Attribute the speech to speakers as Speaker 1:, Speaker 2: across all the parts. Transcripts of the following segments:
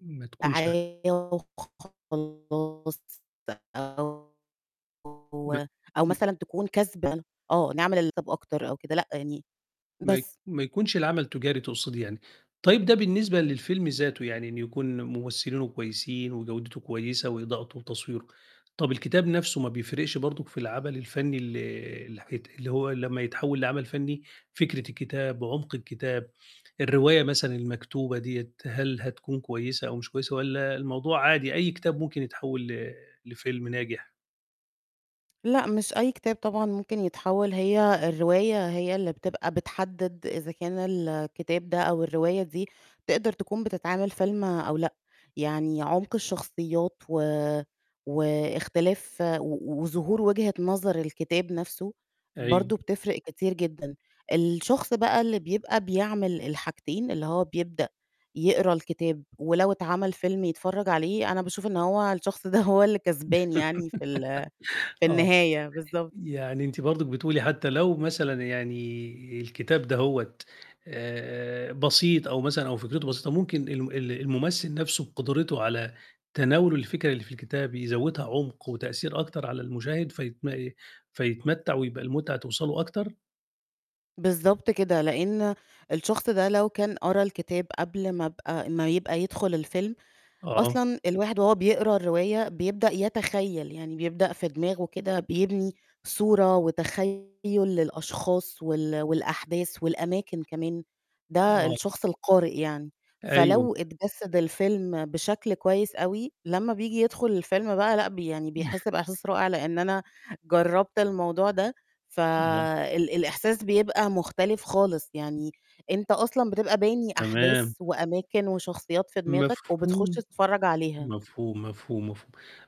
Speaker 1: ما تكونش
Speaker 2: [unintelligible] خلّصت أهو أو أو
Speaker 1: [unintelligible]
Speaker 2: مثلًا تكون كسبان آه، نعمل [unintelligible] أكتر أو كده لأ، يعني
Speaker 1: ما ي
Speaker 2: بس.
Speaker 1: ما يكونش العمل تُجاري تُقصدي يعني، طيب ده بالنسبة للفيلم ذاته يعني إن يكون مُمثِّلينه كويسين وجودته كويسة وإضاءته وتصويره، طَب الكتاب نَفْسه ما بيفرقش برضُك في العمل الفنّي ال اللي حيت اللي هو لمّا يتحوّل لعمل فنّي فكرة الكتاب، عُمق الكتاب، الرواية مثلًا المكتوبة دِيّة، هل هتكون كويسة أو مش كويسة والّا الموضوع عادي أي كتاب ممكن يتحوّل ل لفيلم ناجح؟
Speaker 2: لأ، مش أي كتاب طبعًا ممكن يتحوّل هي الرواية هي اللي بتبقى بتحدِّد إذا كان الكتاب ده أو الرواية دي تقدر تكون بتتعمل فيلم أو لأ. يعني عُمق الشخصيات و واختلاف و وظهور وجهة نظر الكتاب نَفْسه
Speaker 1: أيوه.
Speaker 2: برضه بتفرِق كتير جدًا. الشخص بقى اللي بيبقى بيعمل الحاجتين اللي هو بيبدأ يقرا الكتاب ولو اتعمل فيلم يتفرّج عليه، أنا باشوف إن هو الشخص ده هو اللي كسبان يعني في ال في
Speaker 1: آه.
Speaker 2: النهاية بالضب
Speaker 1: يعني أنتِ برضُك بتقولي حتّى لو مثلًا يعني الكتاب دهوّة آآ بسيط أو مثلًا أو فكرته بسيطة ممكن الم ال المُمثِّل نَفْسه بقُدرته على تناوله الفكرة اللي في الكتاب يزوّدها عُمق وتأثير أكتر على المشاهد فيتم فيتمتّع ويبقى المُتعة توصله أكتر؟
Speaker 2: بالضبط كده، لإن الشخص ده لو كان قرا الكتاب قبل ما أبقى ما يبقى يدخُل الفيلم
Speaker 1: آه.
Speaker 2: أصلًا الواحد وهو بيقرا الرواية بيبدأ يتخيّل يعني بيبدأ في دماغه كده بيبني صورة وتخيُّل للأشخاص وال والأحداث والأماكن كمان، ده
Speaker 1: آه.
Speaker 2: الشخص القارئ يعني،
Speaker 1: أيوه.
Speaker 2: فلو اتجسّد الفيلم بشكل كويس أوي لمّا بييجي يدخُل الفيلم بقى لأ، ب يعني بيحس بإحساس رائع لإن أنا جرّبت الموضوع ده،
Speaker 1: [unintelligible]
Speaker 2: فال الإحساس بيبقى مختلف خالص، يعني أنت أصلًا بتبقى باني أحداث
Speaker 1: تمام.
Speaker 2: وأماكن وشخصيات في دماغك وبتخُش
Speaker 1: مفهوم.
Speaker 2: تتفرّج عليها.
Speaker 1: مفهوم، مفهوم، مفهوم،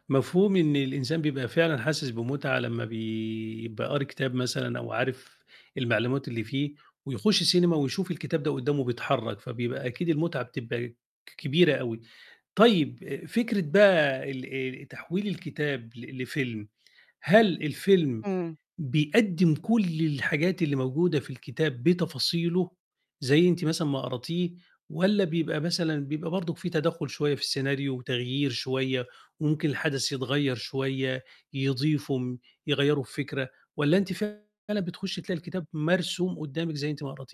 Speaker 1: مفهوم إن الإنسان بيبقى فعلًا حاسس بمُتعة لمّا بيبقى قاري كتاب مثلًا أو عارف المعلومات اللي فيه ويخُش سينما ويشوف الكتاب ده قُدّامه بيتحرّك، فبيبقى أكيد المُتعة بتبقى ك كبيرة أوي. طيب آآ فكرة بقى ال ال تحويل الكتاب ل لفيلم، هل الفيلم
Speaker 2: إمم.
Speaker 1: بيقدّم كل الحاجات اللي موجودة في الكتاب بتفاصيله زي أنتِ مثلًا ما قراتيه والّا بيبقى مثلًا بيبقى برضُك في تدخُّل شوية في السيناريو وتغيير شوية، وممكن الحدث يتغيّر شوية، يضيفوا، يغيّروا الفكرة والّا أنتِ فعلًا بتخُشّي تلاقي الكتاب مرسوم قُدّامِك زي أنتِ ما قراتيه؟